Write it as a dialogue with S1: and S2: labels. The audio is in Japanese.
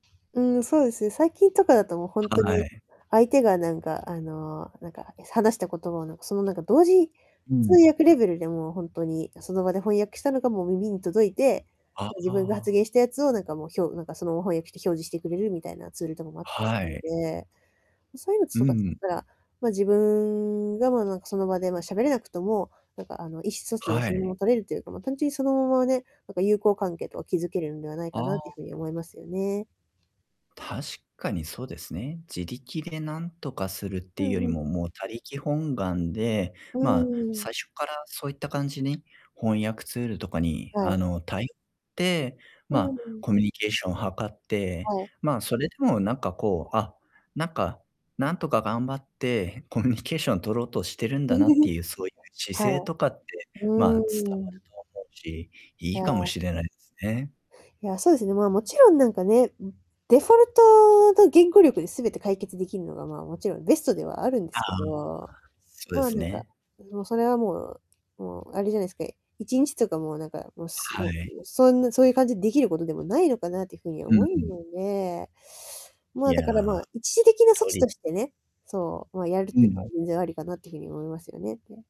S1: うーん、そうですね、最近とかだと、もう、ほんと
S2: は
S1: に
S2: い。
S1: 相手が、なんかあの、なんか、話した言葉を、なんか、そのなんか、同時、
S2: う
S1: 通
S2: ん。
S1: 訳レベルで、もうほんとに、その場で翻訳したのがもう耳に届いて、
S2: あ
S1: 自分が発
S2: あ。
S1: 言したやつを、なんかもう、ひょうなんかそのまま翻訳して表示してくれるみたいなツールとかもあったりす
S2: は
S1: るの
S2: い。
S1: で。そういうの
S2: う
S1: とか使っ
S2: ん。
S1: たら、ま、自分が、まあなんか、その場で、まあ、喋れなくても、なんかあの、意思疎通は
S2: は
S1: そのま
S2: い。
S1: ま取れるというか、まあ、単純にそのままね、なんか、友好関係とか築けるんではない
S2: あ
S1: かなって
S2: あ。
S1: いう風に思いますよね。
S2: 確かにそうですね。自力で何とかするって
S1: う
S2: いうよ
S1: ん
S2: り
S1: うん。
S2: ももう他力本願で、
S1: う
S2: まあ
S1: ーん。
S2: 最初っからそういった感じに翻訳ツールとかに
S1: は
S2: あ
S1: い。
S2: のたいて、ま
S1: う
S2: あ
S1: ん。
S2: コミュニケーションを図って、
S1: はい。
S2: まあそれでもなんかこう、あ、なんか、なんとか頑張って コミュニケーション取ろうとしてるんだなって いうそういう姿
S1: は
S2: 勢
S1: い。
S2: とかって
S1: う
S2: まあ伝わる
S1: ーん。
S2: と思うし、い
S1: う
S2: いかも
S1: ん。
S2: しれないですね。
S1: いや、そうですね、まあもちろん、なんかね、デフォルトと言語力で全て解決できるのがまあもちろんベストではあるんで
S2: ああ。
S1: すけど。
S2: そうで
S1: まあ
S2: す
S1: なんか、
S2: ね。
S1: もうそれはもうもうあれじゃないですか。1日とか、もうなんかもう
S2: は
S1: も
S2: い。
S1: うそんなそういう感じでできることでもないのかなっていうふうに
S2: うん
S1: 思う
S2: うん。
S1: ので。ま
S2: い
S1: あ、だからま
S2: や、
S1: あ、一時的な措
S2: と
S1: 置
S2: り
S1: としてね、そう、まあやるっ
S2: う
S1: ていうのは
S2: ん。
S1: 全然ありかなっていうふうに思いますよね。